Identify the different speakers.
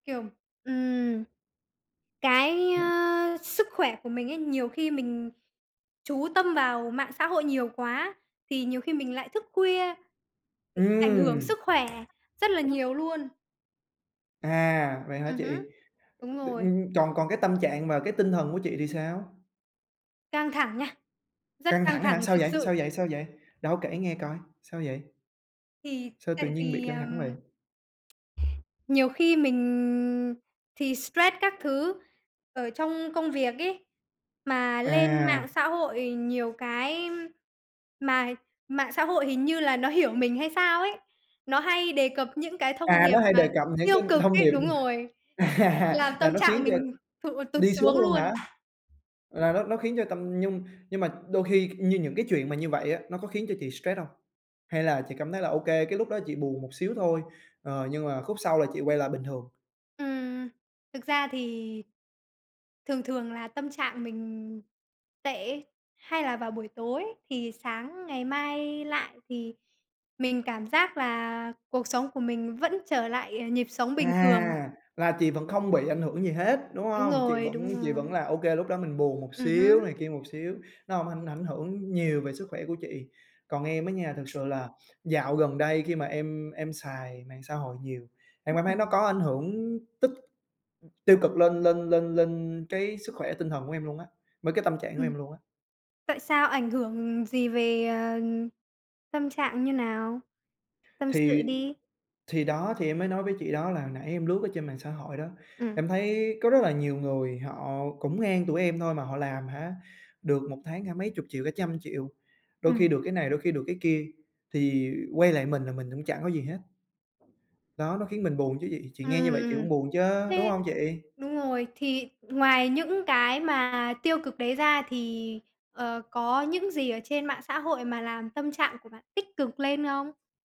Speaker 1: Kiểu, ừm, cái,
Speaker 2: [unintelligible]
Speaker 1: ơ, sức khỏe của mình ấy, nhiều khi mình chú tâm vào mạng xã hội nhiều quá thì nhiều khi mình lại thức khuya, thì ảnh hưởng
Speaker 2: Ừm.
Speaker 1: sức khỏe rất là nhiều luôn.
Speaker 2: À! Vậy hả
Speaker 1: Ừm hứm,
Speaker 2: chị?
Speaker 1: đúng
Speaker 2: Tự
Speaker 1: rồi.
Speaker 2: dưng còn còn cái tâm trạng và cái tinh thần của chị thì sao?
Speaker 1: Căng thẳng nha, rất
Speaker 2: Căng
Speaker 1: căng
Speaker 2: thẳng hả?
Speaker 1: thẳng,
Speaker 2: Sao
Speaker 1: thực
Speaker 2: vậy?
Speaker 1: sự!
Speaker 2: Sao vậy? Sao vậy? Đâu, kể nghe coi! Sao vậy?
Speaker 1: Thì
Speaker 2: Sao tự
Speaker 1: tại
Speaker 2: nhiên bị
Speaker 1: vì,
Speaker 2: căng thẳng
Speaker 1: ờm,
Speaker 2: vậy?
Speaker 1: nhiều khi mình thì stress các thứ ở trong công việc ấy, mà lên
Speaker 2: À!
Speaker 1: mạng xã hội nhiều cái mà mạng xã hội hình như là nó hiểu mình hay sao ấy, nó hay đề cập những cái thông
Speaker 2: À,
Speaker 1: điệp
Speaker 2: nó hay
Speaker 1: mà
Speaker 2: đề cập những
Speaker 1: tiêu
Speaker 2: cái
Speaker 1: cực
Speaker 2: thông
Speaker 1: ấy
Speaker 2: điệp
Speaker 1: đúng rồi, làm
Speaker 2: à,
Speaker 1: tâm
Speaker 2: nó khiến
Speaker 1: trạng
Speaker 2: cho
Speaker 1: mình thụt tụt
Speaker 2: đi xuống
Speaker 1: xuống
Speaker 2: luôn
Speaker 1: luôn.
Speaker 2: hả? Là nó nó khiến cho tâm nhưng nhưng mà đôi khi như những cái chuyện mà như vậy á, nó có khiến cho chị stress hông? Hay là chị cảm thấy là OK, cái lúc đó chị buồn một xíu thôi, ờ, nhưng mà khúc sau là chị quay lại bình thường?
Speaker 1: Ừm. Thực ra thì thường thường là tâm trạng mình tệ ấy, hay là vào buổi tối, thì sáng ngày mai lại thì mình cảm giác là cuộc sống của mình vẫn trở lại, ờ, nhịp sống bình thường.
Speaker 2: À, là chị vẫn không bị ảnh hưởng gì hết, đúng
Speaker 1: Đúng
Speaker 2: hông? Chị
Speaker 1: rồi,
Speaker 2: vẫn
Speaker 1: đúng
Speaker 2: chị vẫn
Speaker 1: rồi.
Speaker 2: là OK, lúc đó mình buồn một
Speaker 1: Ừm
Speaker 2: xíu,
Speaker 1: hứm.
Speaker 2: này kia một xíu, nó hổng ảnh ảnh hưởng nhiều về sức khỏe của chị. Còn em á nha, thực sự là dạo gần đây khi mà em em xài mạng xã hội nhiều, em cảm thấy
Speaker 1: Ừm.
Speaker 2: nó có ảnh hưởng tích tiêu cực lên lên lên lên cái sức khỏe tinh thần của em luôn á, với cái tâm trạng của
Speaker 1: Ừm.
Speaker 2: em luôn á.
Speaker 1: Tại sao ảnh hưởng gì về, ờ, tâm trạng như nào? Tâm sự
Speaker 2: Thì
Speaker 1: đi.
Speaker 2: thì đó, thì em mới nói với chị đó, là hồi nãy em lướt ở trên mạng xã hội đó.
Speaker 1: Ừm.
Speaker 2: Em thấy có rất là nhiều người họ cũng ngang tuổi em thôi, mà họ làm hả, được 1 tháng, hả, mấy chục triệu, cả trăm triệu, đôi
Speaker 1: Ừm.
Speaker 2: khi được cái này, đôi khi được cái kia, thì quay lại mình là mình cũng chẳng có gì hết. Đó, nó khiến mình buồn chứ chị. Chị
Speaker 1: Ừm,
Speaker 2: nghe như
Speaker 1: ừm,
Speaker 2: vậy chị
Speaker 1: ừm.
Speaker 2: cũng buồn chớ, đúng
Speaker 1: Thế
Speaker 2: hông chị?
Speaker 1: đúng rồi, thì ngoài những cái mà tiêu cực đấy ra thì, ờ, có những gì ở trên mạng xã hội mà làm tâm trạng của bạn tích cực lên không?